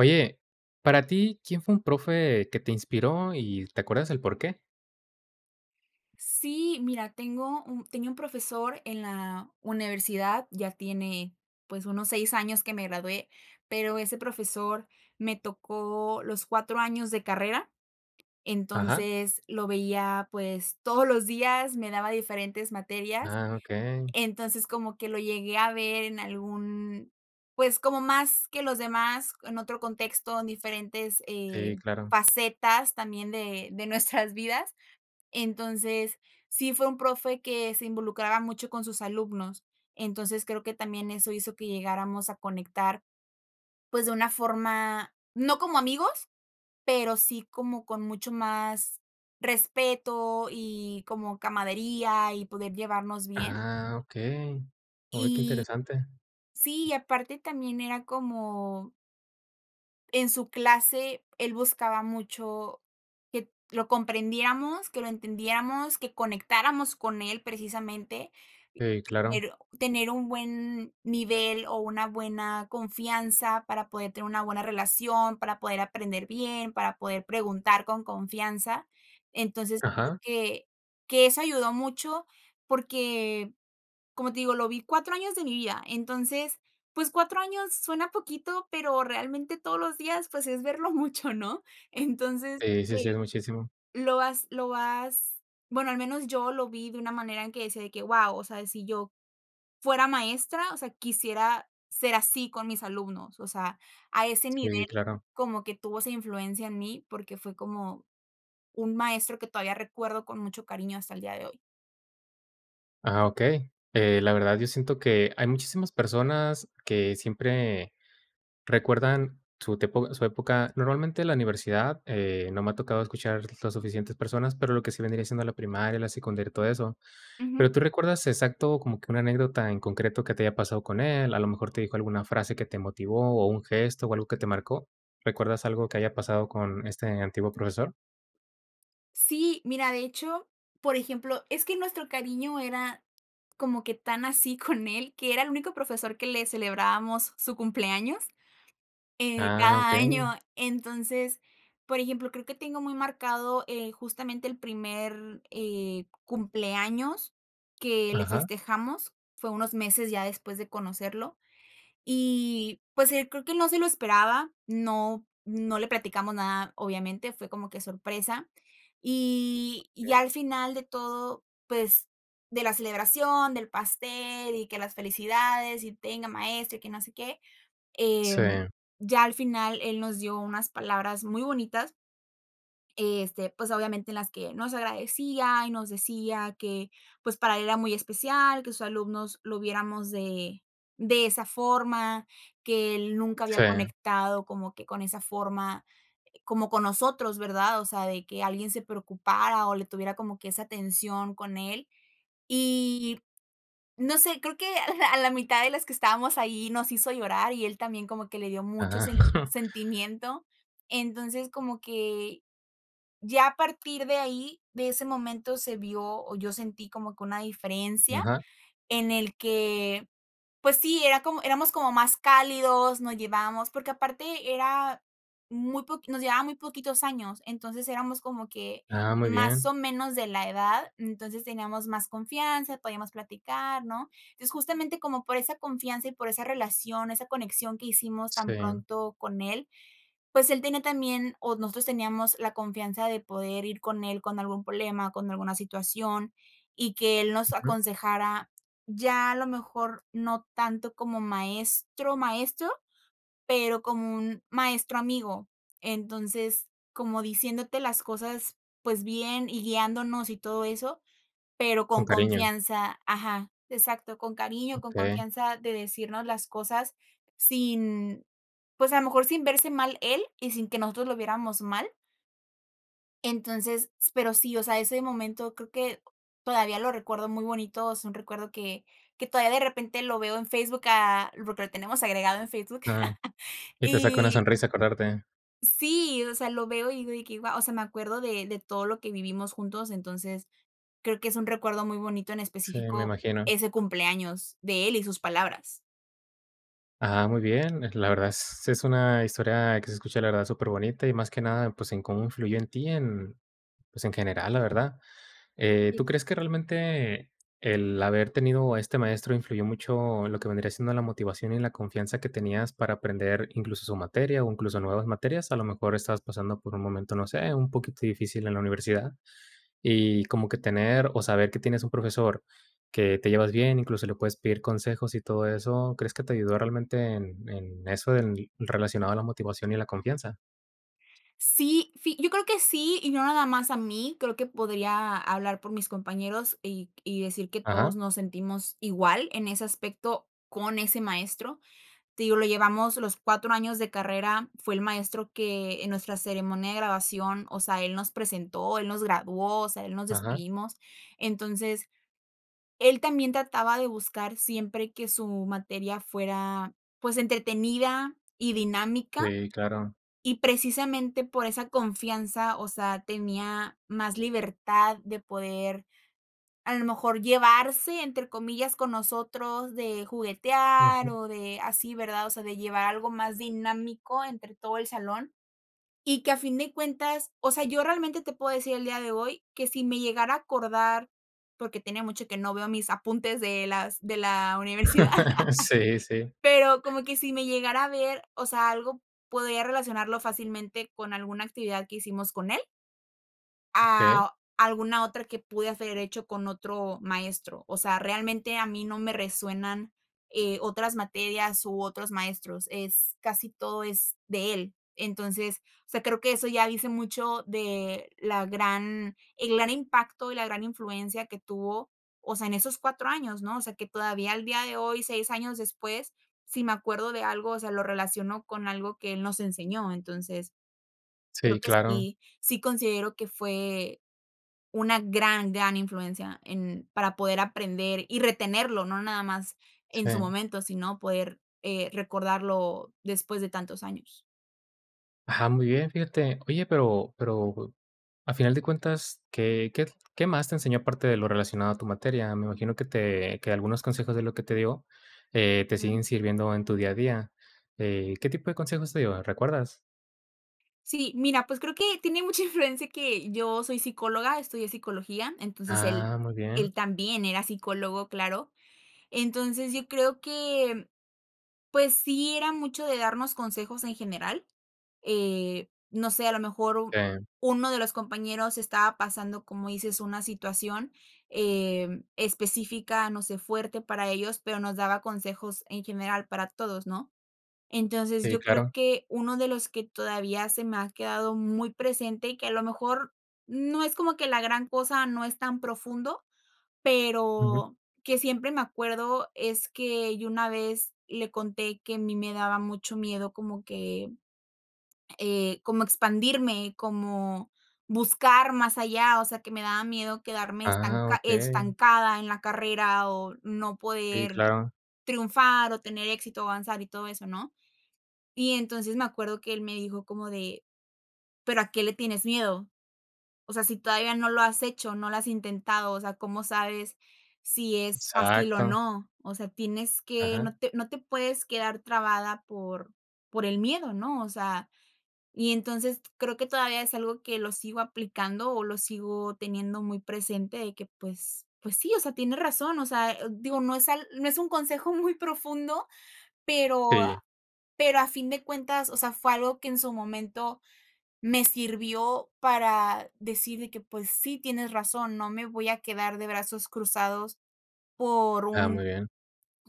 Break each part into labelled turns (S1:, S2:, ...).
S1: Oye, para ti, ¿quién fue un profe que te inspiró y te acuerdas el por qué?
S2: Sí, mira, tengo un tenía un profesor en la universidad, ya tiene, pues, unos 6 años que me gradué, pero ese profesor me tocó los 4 años de carrera.
S1: Ajá.
S2: Entonces, lo veía, pues, todos los días, me daba diferentes materias.
S1: Ah, okey.
S2: Entonces, como que lo llegué a ver en algún, pues, como más que los demás, en otro contexto, en diferentes,
S1: Sí,
S2: eh,
S1: claro.
S2: facetas también de de nuestras vidas. Entonces, sí fue un profe que se involucraba mucho con sus alumnos. Entonces, creo que también eso hizo que llegáramos a conectar, pues, de una forma no como amigos, pero sí como con mucho más respeto y como camaradería y poder llevarnos bien.
S1: Ah, okey. Oh, qué
S2: Y
S1: interesante.
S2: sí, y aparte también era como. En su clase, él buscaba mucho que lo comprendiéramos, que lo entendiéramos, que conectáramos con él, precisamente
S1: Sí, claro.
S2: tener tener un buen nivel o una buena confianza para poder tener una buena relación, para poder aprender bien, para poder preguntar con confianza. Entonces, creo
S1: Ajá.
S2: que que eso ayudó mucho porque, como te digo, lo vi 4 años de mi vida. Entonces, pues, 4 años suena poquito, pero, realmente, todos los días, pues, es verlo mucho, ¿no? Entonces,
S1: Sí, sí, sí
S2: eh,
S1: es muchísimo.
S2: lo vas lo vas, bueno, al menos yo lo vi de una manera en que decía de que: "¡Guau!, o sea, de si yo fuera maestra, o sea, quisiera ser así con mis alumnos". O sea, a ese nivel,
S1: Sí, claro.
S2: como que tuvo esa influencia en mí, porque fue como un maestro que todavía recuerdo con mucho cariño hasta el día de hoy.
S1: Ah, okey. Eh, la verdad, yo siento que hay muchísimas personas que siempre recuerdan su tiempo su época. Normalmente, la universidad, eh, no me ha tocado escuchar las suficientes personas, pero lo que sí vendría siendo la primaria, la secundaria, y todo eso. Pero,
S2: Ujú.
S1: ¿tú recuerdas exacto como que una anécdota en concreto que te haya pasado con él? ¿A lo mejor te dijo alguna frase que te motivó, o un gesto, o algo que te marcó? ¿Recuerdas algo que haya pasado con este antiguo profesor?
S2: Sí, mira, de hecho, por ejemplo, es que nuestro cariño era como que tan así con él, que era el único profesor que le celebrábamos su cumpleaños, eh,
S1: Ah,
S2: cada
S1: okey.
S2: año. Entonces, por ejemplo, creo que tengo muy marcado, eh, justamente, el primer, eh, cumpleaños que le
S1: Ajá.
S2: festejamos. Fue unos meses ya después de conocerlo. Y, pues, eh, creo que no se lo esperaba, no no le platicamos nada, obviamente, fue como que sorpresa. Y y
S1: Okey.
S2: ya al final de todo, pues, de la celebración, del pastel y que las felicidades, y tenga maestro y que no sé qué, em,
S1: Sí.
S2: ya al final, él nos dio unas palabras muy bonitas. Eh, este, pues, obviamente en las que nos agradecía, y nos decía que pues para él era muy especial, que sus alumnos lo viéramos de de esa forma, que él nunca había
S1: Sí.
S2: conectado como que con esa forma, como con nosotros, ¿verdad? O sea, de que alguien se preocupara, o le tuviera como que esa atención con él. Y, no sé, creo que a la a la mitad de los que estábamos ahí nos hizo llorar, y él también como que le dio mucho
S1: Ajá.
S2: sen sentimiento. Entonces, como que, ya a partir de ahí, de ese momento se vio o yo sentí como que una diferencia
S1: Ajá.
S2: en el que, pues sí, era como éramos como más cálidos, nos llevábamos porque aparte era muy poqui nos llevaba muy poquitos años. Entonces éramos como que,
S1: Ah, muy
S2: más
S1: bien.
S2: o menos, de la edad. Entonces teníamos más confianza, podíamos platicar, ¿no? Es justamente, como por esa confianza y por esa relación, esa conexión que hicimos tan
S1: Sí.
S2: pronto con él, pues él tenía también o nosotros teníamos la confianza de poder ir con él con algún problema, con alguna situación y que él nos
S1: Ujú.
S2: aconsejara, ya, a lo mejor no tanto como maestro, maestro, pero como un maestro amigo. Entonces, como diciéndote las cosas, pues bien, y guiándonos, y todo eso, pero
S1: Con
S2: con
S1: cariño.
S2: confianza. Ajá, exacto, con cariño, con
S1: Okey.
S2: confianza de decirnos las cosas sin, pues, a lo mejor, sin verse mal él, y sin que nosotros lo viéramos mal. Entonces, s pero sí, o sea, ese momento creo que todavía lo recuerdo muy bonito, es un recuerdo que que todavía, de repente, lo veo en Facebook, ah, porque lo tenemos agregado en Facebook.
S1: Ah, y te saca una
S2: Y
S1: sonrisa acordarte.
S2: Sí, o sea, lo veo y digo de que guau, o sea, me acuerdo de de todo lo que vivimos juntos. Entonces, creo que es un recuerdo muy bonito, en
S1: Sí, me
S2: específico,
S1: imagino.
S2: ese cumpleaños de él y sus palabras.
S1: Ajá, muy bien. La verdad s sí, es una historia que se escucha, la verdad, superbonita, y, más que nada, pues, en cómo influyó en ti, en, pues, en general, la verdad. Eh,
S2: Sí.
S1: ¿tú crees que realmente el haber tenido a este maestro influyó mucho en lo que, vendría siendo, la motivación y la confianza que tenías para aprender, incluso su materia, o incluso nuevas materias? A lo mejor estabas pasando por un momento, no sé, un poquito difícil en la universidad. Y como que tener o saber que tienes un profesor que te llevas bien, incluso le puedes pedir consejos y todo eso, ¿crees que te ayudó realmente en en eso en relacionado a la motivación y la confianza?
S2: Sí, fi yo creo que sí y no nada más a mí. Creo que podría hablar por mis compañeros y y decir que todos
S1: Ajá.
S2: nos sentimos igual en ese aspecto con ese maestro. Te digo, lo llevamos los 4 años de carrera, fue el maestro que en nuestra ceremonia de graduación, o sea, él nos presentó, él nos graduó, o sea, él nos
S1: Ajá.
S2: despedimos. Entonces, él también trataba de buscar siempre que su materia fuera, pues, entretenida y dinámica,
S1: Sí, claro.
S2: y, precisamente, por esa confianza, o sea, tenía más libertad de poder, a lo mejor, llevarse, entre comillas, con nosotros, de juguetear
S1: Ujú.
S2: o de así, ¿verdad? O sea, de llevar algo más dinámico entre todo el salón. Y que, a fin de cuentas, o sea, yo realmente te puedo decir el día de hoy que, si me llegara a acordar, porque tiene mucho que no veo mis apuntes de las de la universidad.
S1: Sí, sí.
S2: Pero como que, si me llegara a ver, o sea, algo podría relacionarlo fácilmente con alguna actividad que hicimos con él.
S1: Okey.
S2: Ah, o alguna otra que pude haber hecho con otro maestro. O sea, realmente, a mí no me resuenan, eh, otras materias u otros maestros. Es casi todo es de él. Entonces, o sea, creo que eso ya dice mucho de la gran el gran impacto y la gran influencia que tuvo, o sea, en esos 4 años, ¿no? O sea, que todavía, al día de hoy, 6 años después, si me acuerdo de algo, o sea, lo relaciono con algo que él nos enseñó. Entonces, creo
S1: Sí,
S2: que
S1: claro.
S2: sí, sí considero que fue una gran, gran influencia en para poder aprender y retenerlo, no nada más en su
S1: Sí.
S2: momento, sino, poder, eh, recordarlo después de tantos años.
S1: Ajá, muy bien, fíjate. Oye, pero pero, a final de cuentas, ¿qué qué tl qué más te enseñó parte de lo relacionado a tu materia? Me imagino que te que algunos consejos de lo que te dio, eh, te
S2: Ujú.
S1: siguen sirviendo en tu día a día. Eh, ¿qué tipo de consejos te dio? ¿Recuerdas?
S2: Sí, mira, pues, creo que tiene mucha influencia que yo soy psicóloga, estudié psicología, entonces, él
S1: Ah, muy
S2: él
S1: bien.
S2: también era psicólogo, claro. Entonces, yo creo que, pues, sí, era mucho de darnos consejos en general. Eh, no sé, a lo mejor u
S1: Bien.
S2: uno de los compañeros estaba pasando, como dices, una situación, em, específica, no sé, fuerte para ellos, pero nos daba consejos en general para todos, ¿no? Entonces,
S1: Sí,
S2: yo creo
S1: claro.
S2: que uno de los que todavía se me ha quedado muy presente, que a lo mejor no es como que la gran cosa, no es tan profundo,
S1: Ujú.
S2: pero que, siempre me acuerdo, es que yo una vez le conté que a mí me daba mucho miedo como que, eh, como expandirme, como buscar más allá, o sea, que me daba miedo quedarme
S1: Ah,
S2: estanca
S1: okey.
S2: estancada en la carrera o no
S1: Sí,
S2: poder
S1: claro.
S2: triunfar, o tener éxito, avanzar y todo eso, ¿no? Y, entonces, me acuerdo que él me dijo como de: "¿Pero a qué le tienes miedo? O sea, si todavía no lo has hecho, no lo has intentado, o sea, cómo sabes si es fácil o
S1: Exacto.
S2: no. O sea, tienes que no
S1: Ajá.
S2: te no te puedes quedar trabada por por el miedo, ¿no?" O sea, y, entonces, creo que todavía es algo que lo sigo aplicando o lo sigo teniendo muy presente de que, pues pues, sí, o sea, tiene razón, o sea, eh, digo, no es al no es un consejo muy profundo, pero
S1: Sí.
S2: pero, a a fin de cuentas, o sea, fue algo que, en su momento, me sirvió para decir de que: "Pues, sí, tienes razón, no me voy a quedar de brazos cruzados por
S1: Ah, muy
S2: un
S1: bien.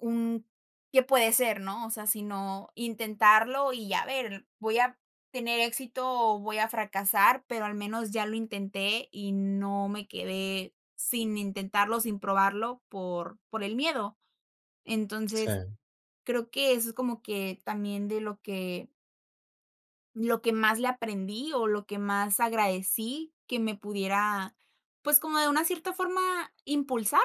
S2: un qué puede ser, ¿no? O sea, sino intentarlo y a ver, voy a tener éxito o voy a fracasar, pero al menos ya lo intenté y no me quedé sin intentarlo, sin probarlo, por por el miedo." Entonces,
S1: Sí.
S2: creo que eso es como que también de lo que. Lo que más le aprendí o lo que más agradecí que me pudiera, pues, como de una cierta forma, impulsar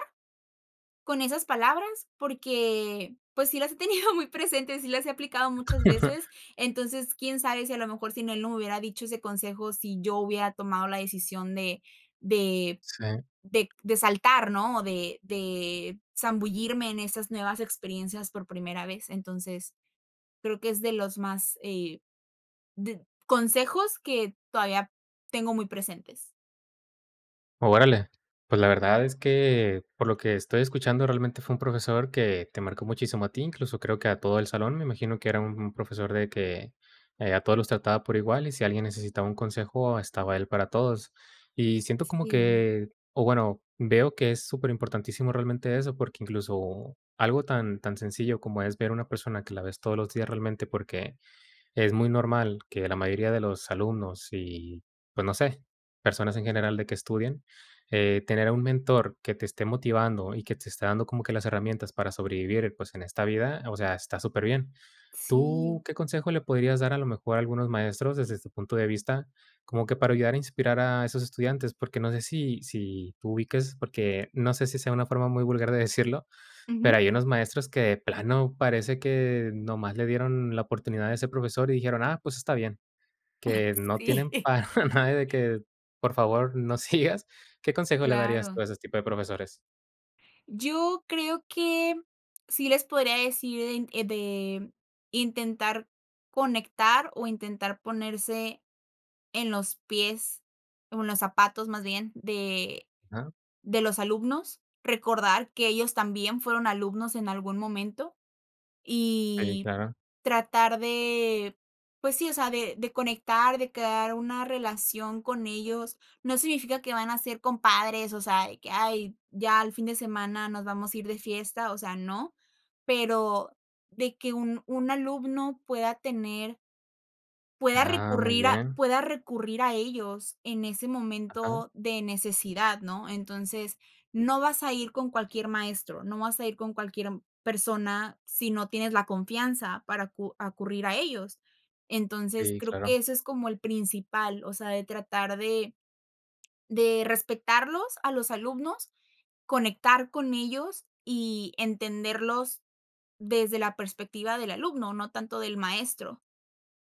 S2: con esas palabras, porque, pues, sí las he tenido muy presente, sí las he aplicado muchas veces. Entonces, quién sabe si, a lo mejor, sin él no me hubiera dicho ese consejo, si yo hubiera tomado la decisión de de
S1: Sí.
S2: de de saltar, ¿no? O de de zambullirme en esas nuevas experiencias por primera vez. Entonces, creo que es de los más, eh, did consejos que todavía tengo muy presentes.
S1: Órale. Pues, la verdad es que, por lo que estoy escuchando, realmente, fue un profesor que te marcó muchísimo a ti, incluso creo que a todo el salón, me imagino que era un profesor de que a todos los trataba por igual, y, si alguien necesitaba un consejo, estaba él para todos. Y siento como
S2: Sí.
S1: que, o bueno, veo que es súper importantísimo realmente eso, porque incluso algo tan tan sencillo como es ver una persona, que la ves todos los días realmente, porque es muy normal que la mayoría de los alumnos y, pues, no sé, personas en general de que estudian, eh, tener a un mentor que te esté motivando y que te esté dando como que las herramientas para sobrevivir, pues, en esta vida, o sea, está superbién. ¿Tú
S2: Sí.
S1: qué consejo le podrías dar, a lo mejor, a algunos maestros, desde tu punto de vista, como que para ayudar a inspirar a esos estudiantes? Porque no sé si si tú ubiques porque no sé si sea una forma muy vulgar de decirlo,
S2: Ujú.
S1: pero hay unos maestros que, de plano, parece que nomás le dieron la oportunidad a ese profesor y dijeron: "Ah, pues está bien",
S2: Ah,
S1: que no
S2: sí.
S1: tienen para nada de que: "Por favor, no sigas". ¿Qué consejo le darías tú
S2: Claro.
S1: a ese tipo de profesores?
S2: Yo creo que sí les podría decir en de intentar conectar o intentar ponerse en los pies, o en los zapatos, más bien, de
S1: Ajá.
S2: de los alumnos, recordar que ellos también fueron alumnos en algún momento,
S1: Sí,
S2: y
S1: claro.
S2: tratar de, pues sí, o sea, de de conectar, de crear una relación con ellos, no significa que van a ser compadres, o sea, de que: "Ay, ya al fin de semana nos vamos a ir de fiesta", o sea, no, pero de que un un alumno pueda tener. Pueda
S1: Ah, muy
S2: recurrir a
S1: bien.
S2: pueda recurrir a ellos en ese
S1: Ajá.
S2: momento de necesidad, ¿no? Entonces, no vas a ir con cualquier maestro, no vas a ir con cualquier persona sí no tienes la confianza para acu acudir a ellos. Entonces,
S1: Sí,
S2: creo que
S1: claro.
S2: ese es como el principal, o sea, de tratar de de respetarlos a los alumnos, conectar con ellos y entenderlos desde la perspectiva del alumno, no tanto del maestro.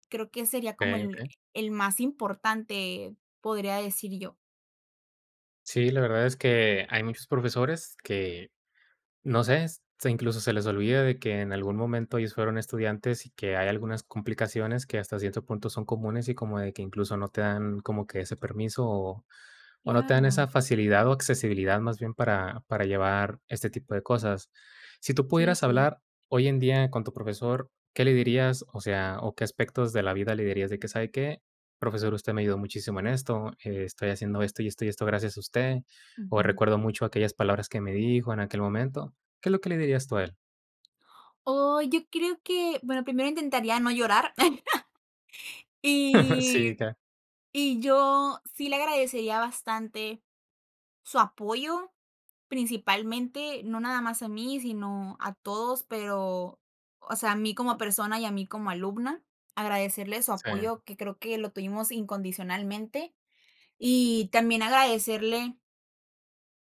S2: Creo que sería como
S1: Okey,
S2: el
S1: okey.
S2: el más importante, podría decir yo.
S1: Sí, la verdad es que hay muchos profesores que, no sé s sí, incluso se les olvida de que en algún momento ellos fueron estudiantes y que hay algunas complicaciones que hasta cierto punto son comunes, y como de que incluso no te dan como que ese permiso o no te dan esa
S2: Claro.
S1: facilidad o accesibilidad, más bien, para para llevar este tipo de cosas. Sí tú
S2: Sí,
S1: pudieras
S2: sí.
S1: hablar hoy en día con tu profesor, ¿qué le dirías? O sea, o ¿qué aspectos de la vida le dirías de que: "Sabe qué? Profesor, usted me ayudó muchísimo en esto, estoy haciendo esto y esto y esto gracias a usted, o
S2: Ujú.
S1: recuerdo mucho aquellas palabras que me dijo en aquel momento". ¿Qué es lo que le dirías tú a él?
S2: Oh, yo creo que, bueno, primero intentaría no llorar.
S1: Sí,
S2: Y
S1: claro.
S2: y yo sí le agradecería bastante su apoyo, principalmente, no nada más a mí, sino a todos, pero, o sea, a mí como persona y a mí como alumna, agradecerle su
S1: Sí.
S2: apoyo, que creo que lo tuvimos incondicionalmente. Y también agradecerle.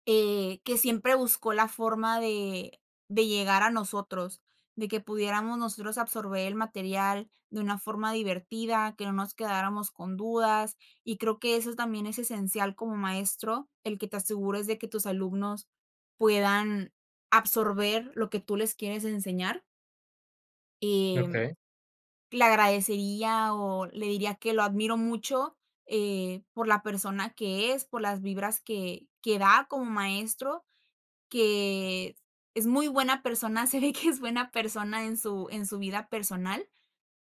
S2: Eh, que siempre buscó la forma de de llegar a nosotros, de que pudiéramos nosotros absorber el material de una forma divertida, que no nos quedáramos con dudas. Y creo que eso también es esencial como maestro, el que te asegures de que tus alumnos puedan absorber lo que tú les quieres enseñar. Y
S1: Okey.
S2: le agradecería o le diría que lo admiro mucho, eh, por la persona que es, por las vibras que que da como maestro, que es muy buena persona, se ve que es buena persona en su en su vida personal,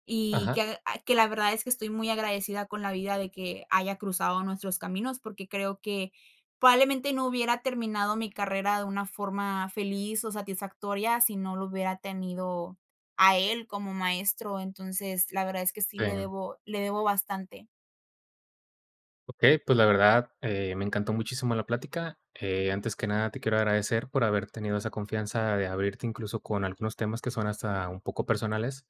S2: y
S1: Ajá.
S2: que ah que la verdad es que estoy muy agradecida con la vida de que haya cruzado nuestros caminos porque creo que probablemente no hubiera terminado mi carrera de una forma feliz o satisfactoria si no lo hubiera tenido a él como maestro, entonces la verdad es que sí le
S1: Sí.
S2: debo le debo bastante.
S1: Okey, pues, la verdad, eh, me encantó muchísimo la plática. Eh, antes que nada, te quiero agradecer por haber tenido esa confianza de abrirte incluso con algunos temas que son hasta un poco personales.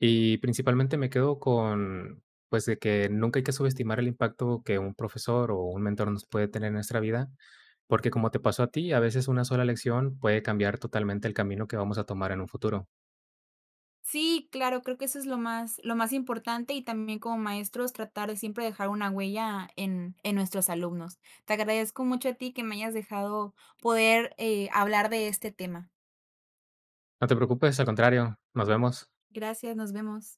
S1: Y, principalmente, me quedo con, pues, de que nunca hay que subestimar el impacto que un profesor o un mentor nos puede tener en nuestra vida, porque, como te pasó a ti, a veces una sola lección puede cambiar totalmente el camino que vamos a tomar en un futuro.
S2: Sí, claro, creo que eso es lo más lo más importante y también, como maestros, tratar de siempre dejar una huella en en nuestros alumnos. Te agradezco mucho a ti que me hayas dejado poder, eh, hablar de este tema.
S1: No te preocupes, al contrario, nos vemos.
S2: Gracias, nos vemos.